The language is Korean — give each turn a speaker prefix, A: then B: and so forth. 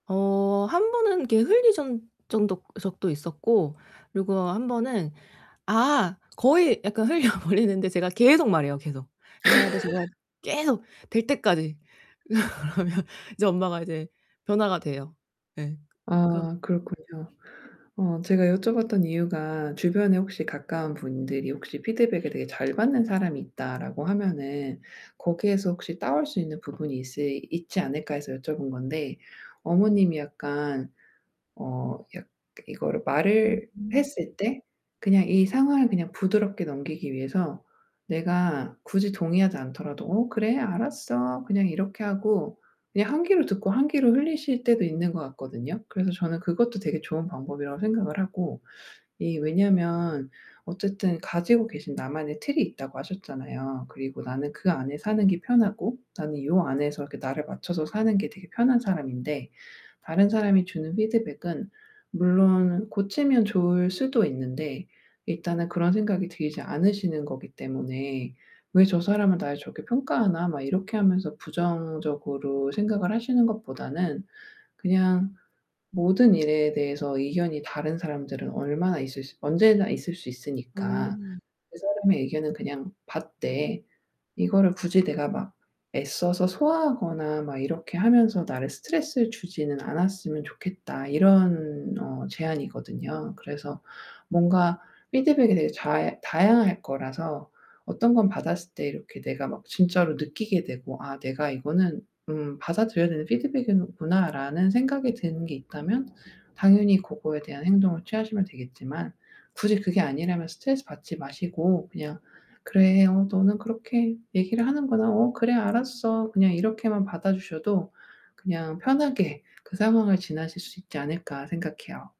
A: 어 한 번은 이렇게 흘린 전 정도 적도 있었고 그리고 한 번은 아 거의 약간 흘려버리는데 제가 계속 말해요 계속. [unintelligible] 계속, 될 때까지 그러면 이제 엄마가 이제 변화가 돼요. 예 그런
B: 아 그렇군요. 어 제가 여쭤봤던 이유가 주변에 혹시 가까운 분들이 혹시 '피드백을 되게 잘 받는 사람이 있다.'라고 하면은 '거기에서 혹시 따올 수 있는 부분이 있시 있지 않을까.' 해서 여쭤본 건데 어머님이 약간 어 약 이거를
A: 으
B: 말을
A: 음.
B: 했을 때 그냥 이 상황을 그냥 부드럽게 넘기기 위해서 내가 굳이 동의하지 않더라도 "어 그래. 알았어." 그냥 이렇게 하고 그냥 한 귀로 듣고 한 귀로 흘리실 때도 있는 것 같거든요. 그래서 저는 그것도 되게 좋은 방법이라고 생각을 하고. 이 왜냐면 어쨌든 가지고 계신 나만의 틀이 있다고 하셨잖아요. 그리고 나는 그 안에 사는 게 편하고 나는 요 안에서 이렇게 나를 맞춰서 사는 게 되게 편한 사람인데 다른 사람이 주는 피드백은 물론 고치면 좋을 수도 있는데 일단은 그런 생각이 들지 않으시는 거기 때문에 '왜 저 사람은 날 저렇게 평가하나.' 막 이렇게 하면서 부정적으로 생각을 하시는 것보다는 그냥 모든 일에 대해서 의견이 다른 사람들은 얼마나 있을 수 언제나 있을 수 있으니까
A: 음.
B: 그 사람의 의견은 그냥 받되 이거를 굳이 내가 막 애써서 소화하거나 막 이렇게 하면서 나를 스트레스를 주지는 않았으면 좋겠다 이런 어 제안이거든요. 그래서 뭔가 피드백이 되게 잘 다양할 거라서 어떤 건 받았을 때 이렇게 내가 막 진짜로 느끼게 되고 '아 내가 이거는 음 받아들여야 되는 피드백이구나.'라는 생각이 드는 게 있다면 당연히 그거에 대한 행동을 취하시면 되겠지만 굳이 그게 아니라면 스트레스 받지 마시고 그냥 "그래. 어 너는 그렇게 얘기를 하는구나. 어 그래 알았어." 그냥 이렇게만 받아 주셔도 그냥 '편하게 그 상황을 지나실 수 있지 않을까.' 생각해요.